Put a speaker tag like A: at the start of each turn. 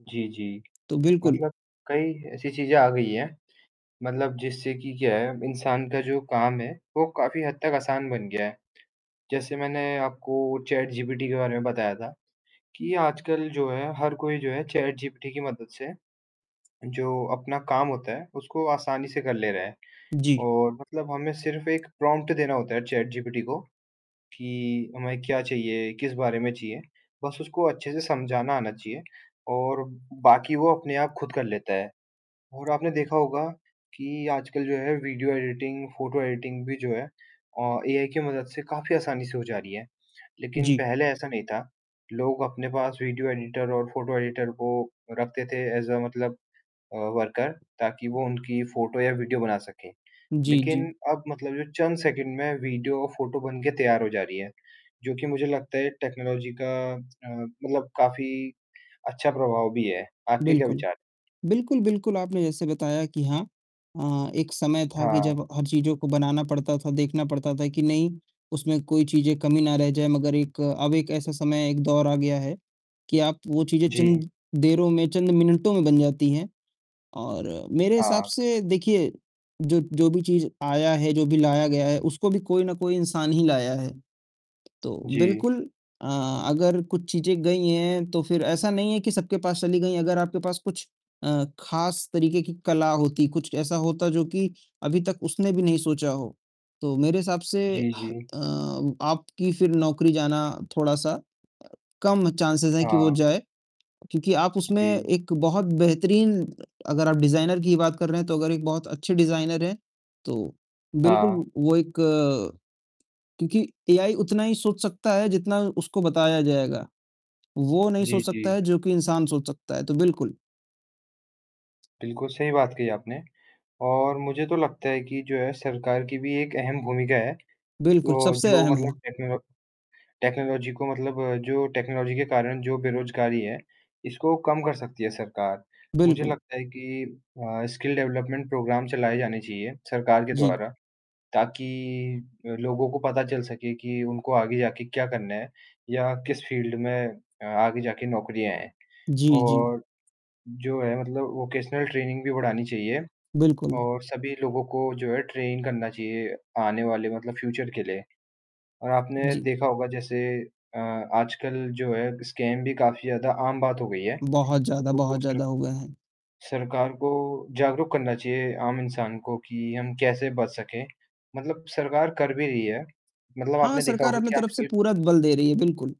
A: जी, जी।
B: तो बिल्कुल
A: मतलब कई ऐसी चीज़ें आ गई हैं, मतलब जिससे कि क्या है इंसान का जो काम है वो काफ़ी हद तक आसान बन गया है। जैसे मैंने आपको चैटजीपीटी के बारे में बताया था, कि आजकल जो है हर कोई जो है चैटजीपीटी की मदद से, जो अपना काम होता है उसको आसानी से कर ले रहा है।
B: जी।
A: और मतलब हमें सिर्फ एक प्रॉम्प्ट देना होता है चैटजीपीटी को, कि हमें क्या चाहिए, किस बारे में चाहिए। बस उसको अच्छे से समझाना आना चाहिए और बाकी वो अपने आप खुद कर लेता है। और आपने देखा होगा, कि आजकल जो है वीडियो एडिटिंग फ़ोटो एडिटिंग भी जो है अ, एआई की मदद से काफ़ी आसानी से हो जा रही है, लेकिन
B: जी।
A: पहले ऐसा नहीं था। लोग अपने पास वीडियो एडिटर और फ़ोटो एडिटर को रखते थे ऐज़ अ मतलब अ, वर्कर ताकि वो उनकी फ़ोटो या वीडियो बना सकें।
B: जी,
A: लेकिन
B: जी।
A: अब मतलब जो चंद सेकंड में वीडियो और फ़ोटो बन के तैयार हो जा रही है। जो कि मुझे लगता है टेक्नोलॉजी का अ, मतलब काफ़ी अच्छा प्रभाव भी है। आपके क्या
B: बिल्कुल।
A: विचार?
B: बिल्कुल, बिल्कुल आपने जैसे बताया कि हाँ अ, एक समय था कि
A: हाँ।
B: जब हर चीज़ों को बनाना पड़ता था, देखना पड़ता था कि नहीं उसमें कोई चीज़ें कमी ना रह जाए। मगर एक अब एक ऐसा समय, एक दौर आ गया है कि आप वो चीज़ें
A: जी।
B: चंद देरों में, चंद मिनटों में बन जाती है। और मेरे हिसाब
A: हाँ।
B: से देखिए जो जो भी चीज़ आया है, जो भी लाया गया है उसको भी कोई ना कोई इंसान ही लाया है। तो
A: जी।
B: बिल्कुल अ, अगर कुछ चीज़ें गई हैं तो फ़िर ऐसा नहीं है कि सबके पास चली गई। अगर आपके पास कुछ अ, खास तरीके की कला होती, कुछ ऐसा होता जो कि अभी तक उसने भी नहीं सोचा हो, तो मेरे हिसाब से अ,
A: जी, जी।
B: आपकी फ़िर नौकरी जाना थोड़ा-सा कम चांसेज़ है कि वो
A: हाँ।
B: जाए। क्योंकि आप उसमें
A: जी।
B: एक बहुत बेहतरीन अगर आप डिज़ाइनर की ही बात कर रहे हैं तो अगर एक बहुत अच्छे डिज़ाइनर हैं, तो बिल्कुल
A: हाँ।
B: वो एक क्योंकि एआई उतना ही सोच सकता है जितना उसको बताया जाएगा। वो नहीं
A: जी,
B: सोच सकता
A: जी।
B: है जो कि इंसान सोच सकता है। तो बिल्कुल
A: बिल्कुल, सही बात कही आपने। और मुझे तो लगता है कि जो है सरकार की भी एक अहम भूमिका है।
B: बिल्कुल,
A: वो
B: सबसे
A: जो
B: अहम है।
A: मतलब टेक्नोलॉ टेक्नोलॉजी को मतलब जो टेक्नोलॉजी के कारण जो बेरज़गारी है, इसको कम कर सकती है सरकार। मुझे
B: बिल्कुल।
A: लगता है कि अ, स्किल डेवलपमेंट प्रोग्राम चलाए जाने चाहिए सरकार के
B: जी।
A: द्वारा। ताकि अ, लोगों को पता चल सके कि उनको आगे जाके क्या करना है या किस फ़ील्ड में अ, आगे जाके नौकरियाँ है।
B: जी, जी।
A: और जो है मतलब वोकेशनल ट्रेनिंग भी बढ़ानी चाहिए,
B: बिल्कुल।
A: और सभी लोगों को जो है ट्रेन करना चाहिए आने वाले मतलब फ्यूचर के लिए। और आपने
B: जी।
A: देखा होगा जैसे अ, आजकल जो है स्कैम भी काफ़ी ज़्यादा आम बात हो गई है।
B: बहुत ज़्यादा
A: वो वो
B: बहुत
A: फिर
B: ज़्यादा हो गए हैं।
A: सरकार को जागरूक करना चाहिए आम इंसान को कि हम कैसे बच सकें, मतलब सरकार कर भी रही है, मतलब
B: हाँ,
A: आपने देखा
B: सरकार
A: होगा
B: अपने
A: कि
B: तरफ से
A: आजकल
B: पूरा बल दे रही है, बिल्कुल।